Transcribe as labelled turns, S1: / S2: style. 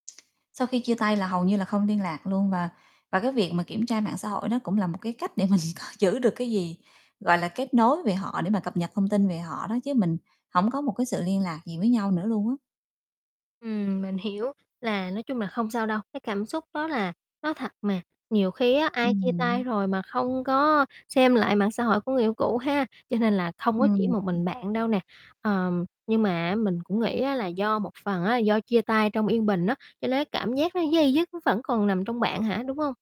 S1: Sau khi chia tay là hầu như là không liên lạc luôn và và cái việc mà kiểm tra mạng xã hội nó cũng là một cái cách để mình coi giữ được cái gì, gọi là, kết nối về họ để mà cập nhật thông tin về họ đó, chứ mình hổng có một cái sự liên lạc gì với nhau nữa luôn á.
S2: Ừm, mình hiểu là nói chung là không sao đâu, cái cảm xúc đó là nó thật mà, nhiều khi á, ai chia tay
S1: Ừm [unintelligible]
S2: rồi mà không có xem lại mạng xã hội của người yêu cũ ha? Cho nên là không có chỉ một
S1: Ừm.
S2: mình bạn đâu nè. Ờm, nhưng mà, á, mình cũng nghĩ á, là do một phần á, do chia tay trong yên bình á, cho nên cảm giác nó day dứt nó vẫn còn nằm trong bạn hả, đúng hông?